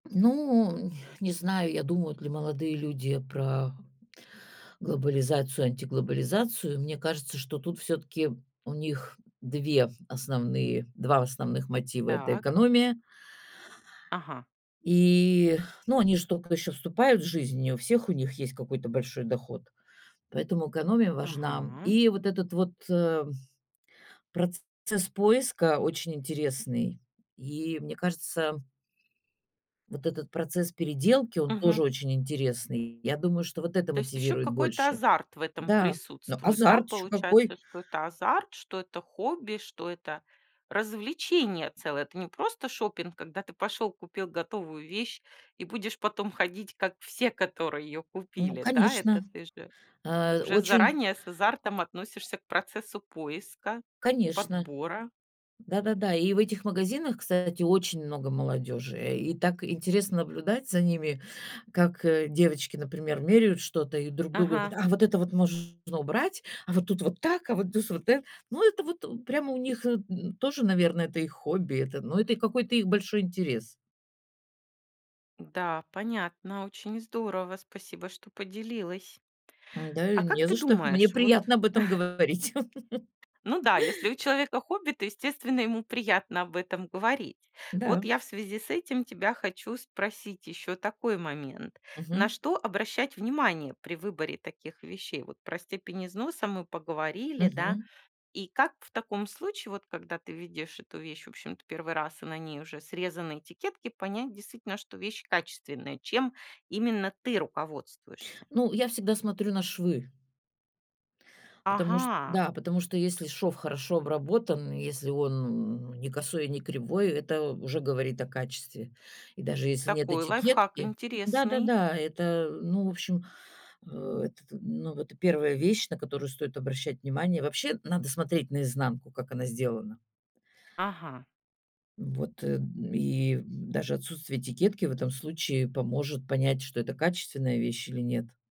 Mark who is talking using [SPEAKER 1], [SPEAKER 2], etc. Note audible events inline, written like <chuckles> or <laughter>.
[SPEAKER 1] Ну, ня, не знаю, я думают ли молодые люди про глобализацию, антиглобализацию. Мне кажется, что тут всё-таки у них 2 основные 2 основных мотива- это
[SPEAKER 2] Так.
[SPEAKER 1] экономия
[SPEAKER 2] Ага.
[SPEAKER 1] И, ну, они же тока ещё вступают в жизнь, не у всех у них есть какой-то большой доход, поэтому экономия важна, м.
[SPEAKER 2] Ага.
[SPEAKER 1] И вот этот вот, эм, процесс поиска очень интересный, и, мне кажется Вот этот процесс переделки, он
[SPEAKER 2] Мгм.
[SPEAKER 1] тоже очень интересный. Я думаю, что вот это
[SPEAKER 2] То есть ещё
[SPEAKER 1] мотивирует
[SPEAKER 2] какой-то
[SPEAKER 1] больше.
[SPEAKER 2] азарт в этом
[SPEAKER 1] Н-да, но
[SPEAKER 2] присутствует, да,
[SPEAKER 1] азарт ещё какой!
[SPEAKER 2] получается, что это азарт, что это хобби, что это развлечение целое. Это не просто шопинг, когда ты пошёл, купил готовую вещь и будешь потом ходить как все, которые её
[SPEAKER 1] Ну
[SPEAKER 2] купили, да?
[SPEAKER 1] конечно,
[SPEAKER 2] Это ты же
[SPEAKER 1] а,
[SPEAKER 2] уже
[SPEAKER 1] очень
[SPEAKER 2] заранее с азартом относишься к процессу поиска,
[SPEAKER 1] Конечно,
[SPEAKER 2] подбора.
[SPEAKER 1] да-да-да. И в этих магазинах, кстати, очень много молодёжи, э, и так интересно наблюдать за ними, как, э, девочки, например, меряют что-то и друг другу:
[SPEAKER 2] Ага.
[SPEAKER 1] "А вот это вот можно убрать, а вот тут вот так, а вот тус вот э". Ну, это вот прямо у них, н, тоже, наверно, это их хобби, это, но это их какой-то их большой интерес.
[SPEAKER 2] Да, понятно. Очень здорово. Спасибо, что поделилась.
[SPEAKER 1] Н-да,
[SPEAKER 2] А
[SPEAKER 1] и
[SPEAKER 2] как
[SPEAKER 1] не
[SPEAKER 2] ты
[SPEAKER 1] за что. Мне
[SPEAKER 2] думаешь, вот
[SPEAKER 1] приятно об этом
[SPEAKER 2] <chuckles>
[SPEAKER 1] говорить. <chuckles>
[SPEAKER 2] Ну да, если у человека хобби, то, естественно, ему приятно об этом говорить.
[SPEAKER 1] Н-да.
[SPEAKER 2] Вот я в связи с этим тебя хочу спросить ещё такой момент. На
[SPEAKER 1] Мгм.
[SPEAKER 2] что обращать внимание при выборе таких вещей? Вот про степень износа мы поговорили, да?
[SPEAKER 1] Мгм.
[SPEAKER 2] И как в таком случае, вот когда ты видишь эту вещь, в общем-то, 1-й раз, а на ней уже срезаны этикетки, понять действительно, что вещь качественная? Чем именно ты руководствуешься?
[SPEAKER 1] Ну, я всегда смотрю на швы. Потому что,
[SPEAKER 2] Ага.
[SPEAKER 1] да, потому что, если шов хорошо обработан и если он, ну, не косой и не кривой, это уже говорит о качестве. И даже если нет
[SPEAKER 2] Такой лайфхак
[SPEAKER 1] этикетки,
[SPEAKER 2] интересный.
[SPEAKER 1] да-да-да, это, ну, в общем. А этот ну, вот и 1 вещь, на которую стоит обращать внимание. Вообще, надо смотреть наизнанку, как она сделана.
[SPEAKER 2] Ага.
[SPEAKER 1] Ну, вот, эм, и даже отсутствие этикетки в этом случае поможет понять, что это качественная вещь или нет.